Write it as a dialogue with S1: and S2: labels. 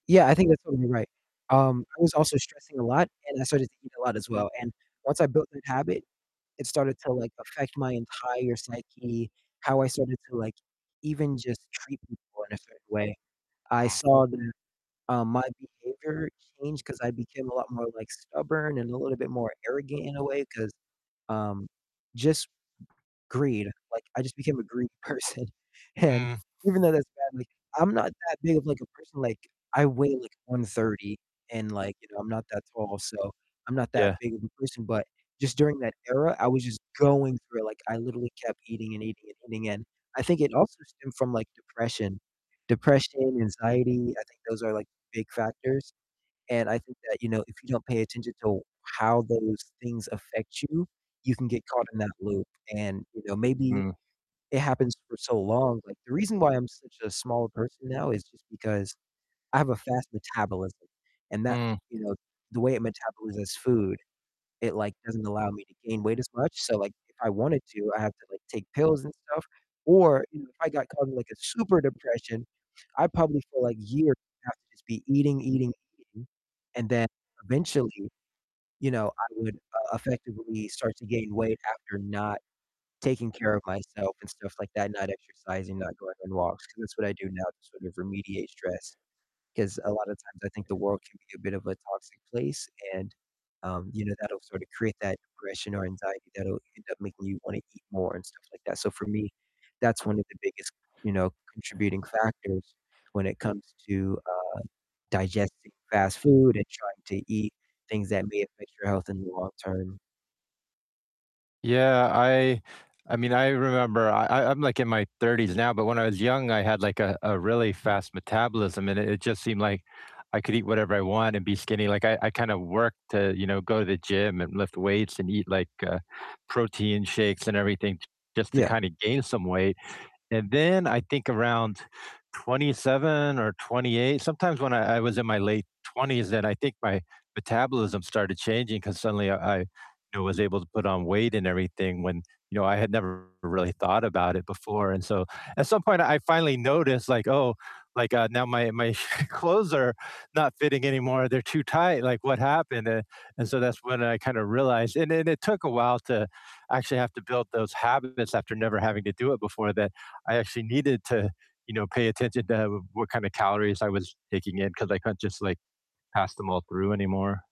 S1: Yeah, I think that's totally right. Um, I was also stressing a lot, and I started thinking a lot, as well, and once I built that habit, it started to, like, affect my entire psyche, how I started to, like, even just treat people in a certain way. I
S2: Mm.
S1: saw that, um, my behavior changed, 'cause I became a lot more, like, stubborn, and a little bit more arrogant in a way, 'cause, um, just m greed, like, I just became a greedy person, and
S2: Mm.
S1: even though that's badly I'm not that big of, like, a person, like, I weigh, like, 130 and, like, you know, I'm not that tall, so I'm not that
S2: Yeah.
S1: big of a person, but just during that era, I was just going through it, like, I literally kept eating and eating and eating, and I think it also stemmed from, like, depression. Depression, anxiety, I think those are, like, big factors, and I think that, you know, if you don't pay attention to w how those things affect you, you can get caught in that loop, and, you know, maybe
S2: Mm.
S1: it happens for so long like, the reason why I'm such a small person now is just because I have a fast metabolism and that
S2: Mm.
S1: you know, the way it metabolizes food, it, like, doesn't allow me to gain weight as much, so, like, if I wanted to, I have to, like, take pills and stuff, or, you know, if I got caught in, like, a super depression, I'd probably for, like, years have to just be eating, eating, eating, and then, eventually, you know, I would, uh, effectively start to gain weight after not taking care of myself and stuff like that, not exercising, not going on walks, 'cause that's what I do now to sort of remediate stress, 'cause a lot of times I think the world can be a bit of a toxic place and, um, you know, that'll sorta create that depression or anxiety that'll end up making you wanna eat more and stuff like that. So, for me, that's one of the biggest, you know, contributing factors when it comes to, uh, digesting fast food and trying to eat things that may affect your health in the long term.
S2: Yeah, I I I mean, I remember I I I'm like in my 30s now, but when I was young, I had, like, a a really fast metabolism, and it it just seemed like I could eat whatever I want and be skinny, like, I I kinda worked to, you know, go to the gym and lift weights and eat, like, uh, protein shakes and everything just to
S1: Yeah.
S2: kinda gain some weight, and then I think around 27 or 28 sometimes when I I was in my late 20s, then I think my metabolism started changing, 'cause suddenly, uh, I, you know, was able to put on weight and everything, when, you know, I had never really thought about it before, and so at some point I I finally noticed, like, "Oh, like, uh, now my my clothes are not fitting anymore, they're too tight, like, what happened?" Eh, and so that's when I kinda realized and then it took a while to actually have to build those habits after never having to do it before that I actually needed to, you know, pay attention to, uh, what kinda calories I was taking in, 'cause I couldn't just, like, pass them all through anymore.